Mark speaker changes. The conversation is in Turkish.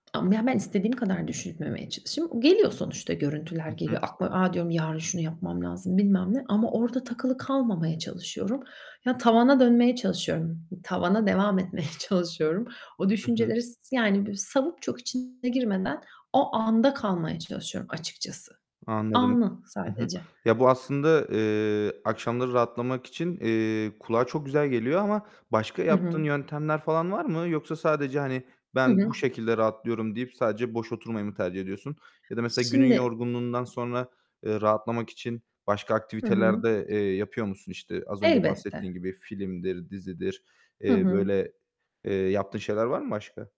Speaker 1: Ama, yani, ben istediğim kadar düşünmemeye çalışayım, geliyor sonuçta, görüntüler
Speaker 2: Hı
Speaker 1: geliyor
Speaker 2: hı.
Speaker 1: aklı "A" diyorum, "Yarın şunu yapmam lazım." bilmem ne. Ama orada takılı kalmamaya çalışıyorum. Ya, tavana dönmeye çalışıyorum, tavana devam etmeye çalışıyorum. O
Speaker 2: Hı hı.
Speaker 1: düşünceleri s yani, böyle, savıp çok içine girmeden o anda kalmaya çalışıyorum açıkçası.
Speaker 2: Anladım.
Speaker 1: Anı
Speaker 2: I hı.
Speaker 1: sadece.
Speaker 2: Ya, bu aslında, eee, akşamları rahatlamak için, eee, kulağa çok güzel geliyor ama başka
Speaker 1: Hı
Speaker 2: yaptığın
Speaker 1: hı.
Speaker 2: yöntemler falan var mı? Yoksa sadece, hani,
Speaker 1: I
Speaker 2: "Ben bu
Speaker 1: hı.
Speaker 2: şekilde rahatlıyorum." deyip sadece boş oturmayı mı tercih ediyorsun. Ya da mesela günün
Speaker 1: Şimdi
Speaker 2: yorgunluğundan sonra, ııı, rahatlamak için başka
Speaker 1: Hı
Speaker 2: aktiviteler
Speaker 1: hı.
Speaker 2: de, eee, yapıyor musun? İşte, az önce
Speaker 1: Elbette.
Speaker 2: bahsettiğin gibi filmdir, dizidir,
Speaker 1: Hı
Speaker 2: eee,
Speaker 1: hı.
Speaker 2: böyle, eee, yaptığın şeyler var mı başka?